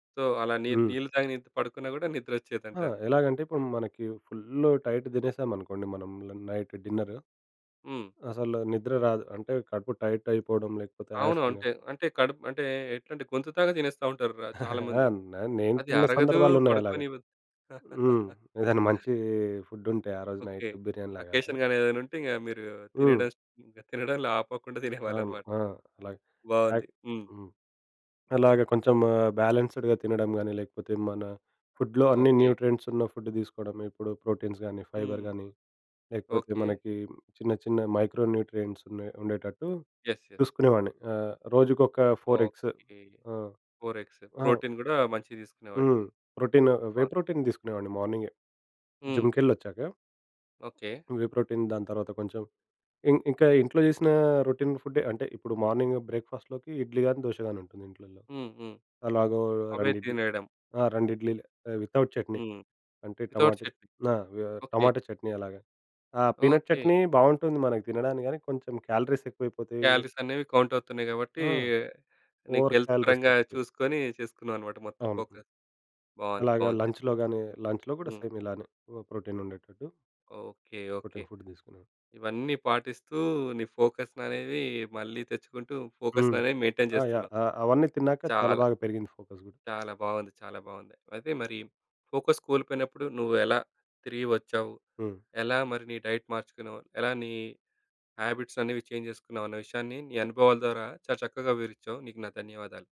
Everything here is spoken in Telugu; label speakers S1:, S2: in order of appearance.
S1: సో అలా నీ
S2: హ్మ్.
S1: నీళ్ళు తాగి ని పడుకున్నా కూడా
S2: ఆ!
S1: నిద్రొచ్చేదంటారు.
S2: ఎలాగంటే ఇప్పుడు మనకి ఫుల్ల్ టైట్ తినేసామనుకోండి మనం ల నైట్ డిన్నరు.
S1: హ్మ్.
S2: అసలు నిద్ర రాదు. అంటే కడుపు టైట్ అయిపోవడం లేకపోతే
S1: అవును.
S2: ఆయాసంగా
S1: అంటే అంటే కడుపు అంటే, ఎట్లంటే గొంతు తాగ తినేస్తా ఉంటారు చాలా
S2: ఆ!
S1: మంది.
S2: నా నేను
S1: అది
S2: తిన్న
S1: అరగదు.
S2: సందర్భాలు ఉన్నాయి అలాగా.
S1: పడుకోనివ్వదు.
S2: హ్మ్. ఏదైనా మంచి ఫుడ్ ఉంటే, ఆ రోజు నైట్
S1: ఓకే.
S2: బిర్యానీ లాగా అలాగా.
S1: అకేషన్‌ గాని ఏదైనా ఉంటే ఇంగ మీరు
S2: హ్మ్.
S1: తినడం స్ తినడంలో ఆపకుండా
S2: అవును.
S1: తినేవాళ్ళన్నమాట.
S2: ఆ! అలాగే.
S1: బావుంది.
S2: కాక్
S1: హ్మ్.
S2: హ్మ్. అలాగ కొంచెము ఆహ్, బ్యాలెన్స్‌డ్‌గా తినడం కానీ లేకపోతే మన ఫుడ్‌‌లో అన్ని
S1: ఓకే.
S2: న్యూట్రియంట్స్ ఉన్న ఫుడ్ తీసుకోవడం. ఇప్పుడు ప్రోటీన్స్ గానీ ఫైబర్
S1: హ్మ్.
S2: గానీ, లేకపోతే
S1: ఓకే.
S2: మనకి చిన్న చిన్న మైక్రో న్యూట్రియంట్స్ ఉన్నాయి ఉండేటట్టు
S1: యెస్. యెస్.
S2: చూసుకునేవాడిని. ఆహ్, రోజుకొక 4 ఎగ్స్.
S1: ఓకే.
S2: ఆ!
S1: 4 ఎగ్స్
S2: ఆ!
S1: ప్రోటీన్ గూడా మంచిగా తీసుకునేవాడివి.
S2: హ్మ్. ప్రోటీన్ వే ప్రోటీన్ తీసుకునేవాడిని మార్నింగే.
S1: హ్మ్.
S2: జిమ్‌‌కెళ్లి వచ్చాక.
S1: ఓకే.
S2: 2 వే ప్రోటీన్ దాని తర్వాత కొంచెం ఇం ఇంక ఇంట్లో జేసిన రొటీన్ ఫుడ్డే అంటే ఇప్పుడు మార్నింగ్ బ్రేక్ఫాస్ట్‌లోకి ఇడ్లీ గాని, దోశ గాని ఉంటుంది ఇంట్లల్లో.
S1: హ్మ్. హ్మ్.
S2: అలాగో
S1: అవే
S2: 2 ఇడ్లీ
S1: తినేయడం.
S2: ఆ! 2 ఇడ్లీలు ఆహ్, వితౌట్ చట్నీ
S1: హ్మ్.
S2: అంటే
S1: వితౌట్
S2: టమాట
S1: చెట్నీ.
S2: ఆ! వ
S1: ఓకే.
S2: టమాటా చట్నీ అలాగా ఆ! Peanut
S1: okay.
S2: చట్నీ బాగుంటుంది మనకు తినడానికి గానీ కొంచెం క్యాలరీస్ ఎక్కువైపోతాయి.
S1: క్యాలరీస్ అనేవి కౌంట్ అవుతున్నాయి. గాబట్టి
S2: ఆ!
S1: నీకు
S2: ఓవర్
S1: హెల్త్
S2: క్యాలరీస్
S1: పరంగా
S2: అయిపోతయి.
S1: చూసుకొని చేసుకున్నావన్నమాట మొత్తం
S2: అవును. హ్మ్,
S1: ఫోకస్. బావుంది.
S2: అలాగా
S1: బావుంది.
S2: లంచ్‌లో గాని, లంచ్‌లో కూడా
S1: హ్మ్.
S2: సేమ్ ఇలానే ఒ ప్రోటీన్ ఉండేటట్టు.
S1: ఓకే. ఓకే.
S2: ప్రోటీన్ ఫుడ్ తీసుకునే
S1: ఇవన్నీ పాటిస్తూ నీ ఫోకస్‌ననేది మళ్ళీ తెచ్చుకుంటూ
S2: హ్మ్.
S1: ఫోకస్‌ననేది మెయింటైన్
S2: ఆ! యాహ్!
S1: చేస్తున్నావు.
S2: ఆహ్, అవన్నీ తిన్నాక చాలా
S1: చాలా...
S2: బాగా పెరిగింది ఫోకస్ గూడా.
S1: చాలా బావుంది. చాలా బావుంది. అదే మరి ఫోకస్ కోల్పోయినప్పుడు నువ్వు ఎలా తిరిగి వచ్చావు,
S2: హ్మ్.
S1: ఎలా మరి నీ డైట్ మార్చుకున్నావు, ఎలా నీ హ్యాబిట్స్ అనేవి చేంజ్ చేసుకున్నావు అనే విషయాన్ని నీ అనుభవాల ద్వారా చాలా చక్కగా వివరిచ్చావు. నీకు నా ధన్యవాదాలు.